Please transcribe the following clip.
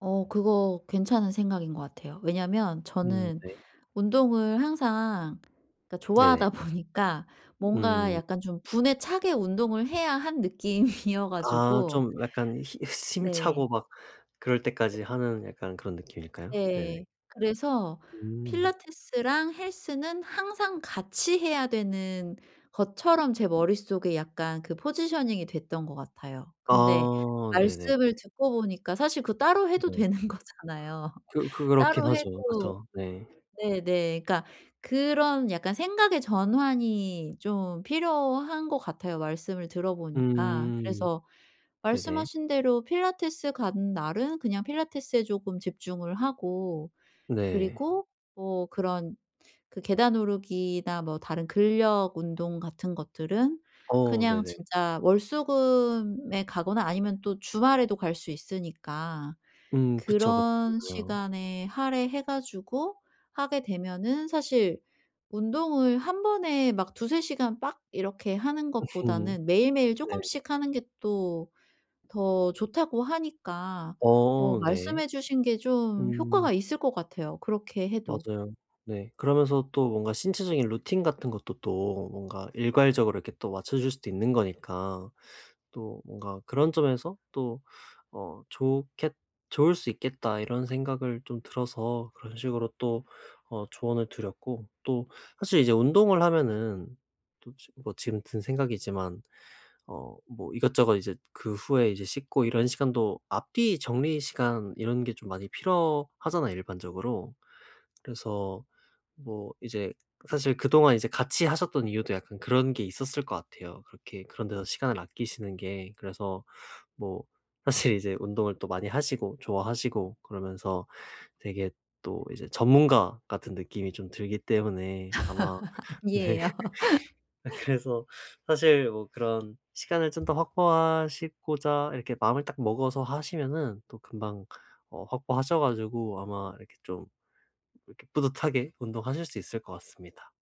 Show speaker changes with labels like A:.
A: 어 그거 괜찮은 생각인 것 같아요. 왜냐면
B: 음
A: 저는
B: 네.
A: 운동을 항상 그러니까
B: 네네.
A: 좋아하다 보니까 뭔가
B: 음.
A: 약간 좀 분에 차게 운동을 해야 한 느낌이어
B: 아
A: 가지고
B: 좀 약간 히 숨차고
A: 네.
B: 막 그럴 때까지
A: [unintelligible]
B: 하는 약간 그런 느낌일까요? 네네.
A: 네. 그래서
B: 음.
A: 필라테스랑 헬스는 항상 같이 해야 되는 것처럼 제 머릿속에 약간 그 포지셔닝이 됐던 것 같아요. 근데
B: 아 네네.
A: 말씀을 듣고 보니까 사실 그 따로 해도
B: 네.
A: 되는 거잖아요.
B: 그 그렇긴
A: 따로
B: 하죠.
A: 해도
B: 그쵸. 네.
A: 네네 그러니까 그런 약간 생각의 전환이 좀 필요한 것 같아요 말씀을 들어보니까.
B: 음.
A: 그래서
B: 네네.
A: 말씀하신 대로 필라테스 가는 날은 그냥 필라테스에 쪼금 집중을 하고
B: 네.
A: 그리고 뭐 그런 그 계단 오르기나 뭐 다른 근력 운동 같은 것들은
B: 어
A: 그냥
B: 네네.
A: 진짜 월수금에 가거나 아니면 또 주말에도 갈 수 있으니까
B: 음. 그쵸, 그쵸,
A: 그런
B: 그죠.
A: 시간에 할애해 가지고 하게 되면은 사실 운동을 1 번에 막 2-3 시간 빡 이렇게 하는
B: 음.
A: 것보다는 매일매일
B: 네.
A: 쪼금씩 하는 게 또 더 좋다고 하니까 어
B: 어 네.
A: 말씀해 주신 게 좀
B: 음.
A: 효과가 있을 것 같아요 그렇게 해도.
B: 맞아요. 네. 그러면서 또 뭔가 신체적인 루틴 같은 것도 또 뭔가 일괄적으로 이렇게 또 맞춰질 수도 있는 거니까 또 뭔가 그런 점에서 또 어 좋겠 좋을 수 있겠다 이런 생각을 좀 들어서 그런 식으로 또 어 조언을 드렸고 또 사실 이제 운동을 하면은 또 지 뭐 지금 든 생각이지만 어 뭐 이것저것 이제 그 후에 이제 씻고 이런 시간도 앞뒤 정리 시간 이런 게 좀 많이 필요하잖아요. 일반적으로. 그래서 뭐 이제 사실 그동안 이제 같이 하셨던 이유도 약간 그런 게 있었을 것 같아요. 그렇게 그런 데서 시간을 아끼시는 게. 그래서 뭐 사실 이제 운동을 또 많이 하시고 좋아하시고 그러면서 되게 또 이제 전문가 같은 느낌이 좀 들기 때문에 아마 네.
A: 아니에요.
B: 아 그래서 사실 뭐 그런 시간을 좀 더 확보하시고자 이렇게 마음을 딱 먹어서 하시면은 또 금방 어 확보하셔 가지고 아마 이렇게 좀 이렇게 뿌듯하게 운동하실 수 있을 것 같습니다.